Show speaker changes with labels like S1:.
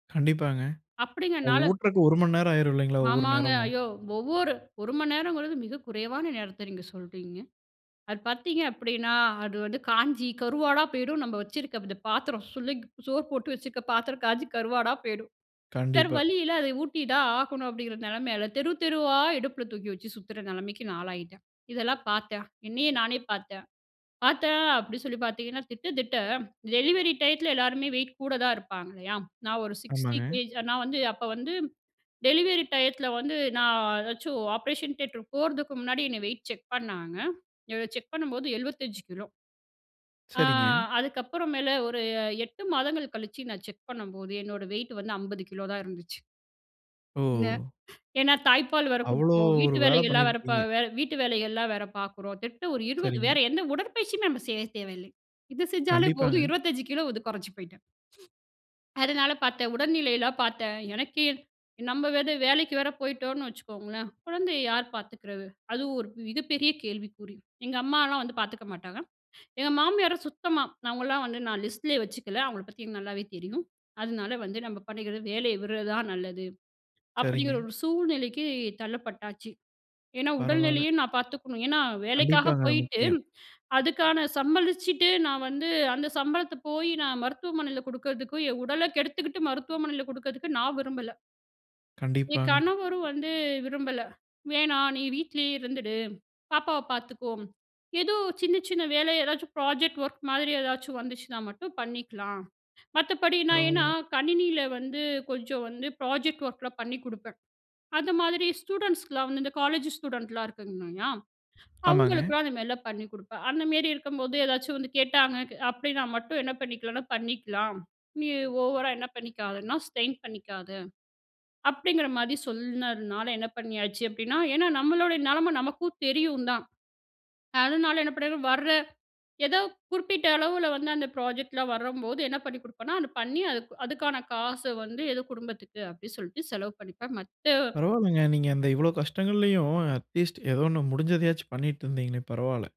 S1: கண்டிப்பாங்க. அ
S2: அப்டிங்கனால.
S1: ஊட்டுறக்கு 1 மணி நேரம் ஆயிரும் இல்லைங்களா? ஒவ்வொரு
S2: ஆமாங்க.
S1: நேரமும்.
S2: ஐயோ! ஒவ்வொரு 1 மணி நேரங்கிறது மிக குறைவான நேரத்த நீங்க சொல்றீங்க. அது பார்த்தீங்க அப்டின்னா, அது வந்து காஞ்சி கருவாடா போயிடும் நம்ப வச்சுருக்க இந்த பாத்திரம் சுள்ளங் சோறு போட்டு வச்சுருக்க பாத்திரம் காஞ்சி கருவாடா போயிடும். வேற
S1: கண்டிப்பா.
S2: வழி இல்ல, அத ஊட்டி தான் ஆகணும். அப்டிங்கிற நெலைமையில தெரு, தெருவா இடுப்புல தூக்கி வச்சு சுத்துற நெலைமைக்கு நான் ஆளாயிட்டேன். இதெல்லாம் பார்த்தேன் என்னையே நானே பார்த்தேன். பார்த்தேன் அப்டின்னு சொல்லி பார்த்தீங்கன்னா, திட்ட திட்ட டெலிவரி டைத்துல எல்லாருமே வெயிட் கூட தான் இருப்பாங்க இல்லையா? நான் ஒரு சிக்ஸ்டி
S1: ஆமாங்க.
S2: கேஜி நான் வந்து, அப்ப வந்து டெலிவரி டையத்துல வந்து நான் ஏதாச்சும் ஆப்பரேஷன் தியேட்டர் போறதுக்கு முன்னாடி என்னை வெயிட் செக் பண்ணாங்க. [unintelligible] செக் பண்ணும்போது 75 கிலோ. ஆ
S1: சரிங்க.
S2: அதுக்கப்புறம் மேல ஒரு 8 மாதங்கள் கழிச்சு நான் செக் பண்ணம்போது என்னோட வெயிட் வந்து 50 கிலோ தான் இருந்துச்சு. இன்ன
S1: ஓ!
S2: ஏனா, தாய்ப்பால் வேற
S1: அவ்வளோ
S2: குடுக்குறோம்
S1: ஒரு
S2: வீட்டு
S1: வேல
S2: வேலைகள்லாம் வேற ப
S1: பண்ணியிருக்கிங்க.
S2: வ வீட்டு வேலைகள்லாம் வேற பார்க்குறோம். திட்ட ஒரு 20
S1: சரிங்க.
S2: வேற எந்த உடற்பயிற்சியுமே நம்ப செய்ய தேவையில்லை. இது செஞ்சாலே போதும்
S1: கண்டிப்பாங்க.
S2: 25 கிலோ வந்து கொறைஞ்சி போய்ட்டேன். அதனால பார்த்தேன் உடல்நிலையலாம் பார்த்தேன். எனக்கே நம்ம வேற வேலைக்கு வேற போயிட்டோனு வச்சுக்கோங்களேன், குழந்தையை யார் பார்த்துக்கறது? அதுவும் ஒரு மிகப்பெரிய கேள்விக்குறி. எங்க அம்மாலாம் வந்து பார்த்துக்க மாட்டாங்க. எங்க மாமியாரும் சுத்தமா அவங்களாம் வந்து, நான் லிஸ்ட்லயே வச்சுக்கல. அவங்கள பத்தி எனக்கு நல்லாவே தெரியும். அதனால வந்து நம்ம பண்ணிக்கிறது வேலைய விடுறது தான் நல்லது. அப்டிங்கிற
S1: சரிங்க.
S2: ஒரு சூழ்நிலைக்கு தள்ளப்பட்டாச்சு. ஏனா,
S1: பரவால.
S2: உடல்நிலையும் நான் பார்த்துக்கணும். ஏனா, வேலைக்காக
S1: கண்டிப்பாங்க, அது
S2: போயிட்டு
S1: முக்கியம்.
S2: அதுக்கான சம்பளிச்சுட்டு நான் வந்து, அந்த சம்பளத்த போய் நான் மருத்துவமனையில குடுக்கறதுக்கு என் உடல கெடுத்துக்கிட்டு மருத்துவமனையில குடுக்கறதுக்கு நான் விரும்பல. என்
S1: கண்டிப்பாங்க.
S2: கணவரும் வந்து விரும்பல, "வேணாம் நீ வீட்லயே இருந்துடு பாப்பாவ பார்த்துக்கோ ஏதோ சின்ன சின்ன வேலை எதாச்சும் ப்ராஜெக்ட் ஒர்க் மாதிரி ஏதாச்சும் வந்துச்சுனா மட்டும் பண்ணிக்கலாம்" மத்தபடி நான், ஏன்னா
S1: பரவால.
S2: கணினியில வந்து கொஞ்சம் வந்து ப்ராஜெக்ட் ஒர்க்லாம் பண்ணி குடுப்பேன். அந்த மாதிரி ஸ்டூடண்ட்ஸ்க்குலாம் வந்து இந்த காலேஜ் ஸ்டூடண்ட்லாம் இருக்காங்கயா
S1: ஆமாங்க.
S2: அவங்களுக்குலாம் அந்த மாரிலாம் பண்ணி குடுப்பேன். அந்தமேரி இருக்கும்போது ஏதாச்சும் வந்து கேட்டாங்க க அப்டி நான் மட்டும் என்ன பண்ணிக்கலான்னா, பண்ணிக்கலாம். "நீ ஓவரா என்ன பண்ணிக்காதன்னா ஸ்ட்ரெயின் பண்ணிக்காத" அப்டிங்கிற மாரி சொல்னதுனால என்ன பண்ணியாச்சு அப்டின்னா, ஏன்னா, நம்மளுடைய நலம நமக்கும் தெரியும் தான். அதனால என்ன பண்ணிர்வேன் வர்ற ஏதோ குறிப்பிட்ட அளவுல வந்து அந்த ப்ராஜெக்ட் லாம் வரம்போது என்ன பண்ணி குடுப்பேனா, அத பண்ணி அதுக்கு அதுக்கான காச வந்து ஏதோ குடும்பத்துக்கு அப்டின்னு சொல்ட்டு செலவு பண்ணிப்பேன் மத்த
S1: பரவால்லங்க. நீங்க அந்த இவ்வளோ கஷ்டங்கள்லயும் அட்லீஸ்ட் ஏதோ 1 முடிஞ்சதையாச்சும் பண்ணிட்டு இருந்தீங்களே பரவால.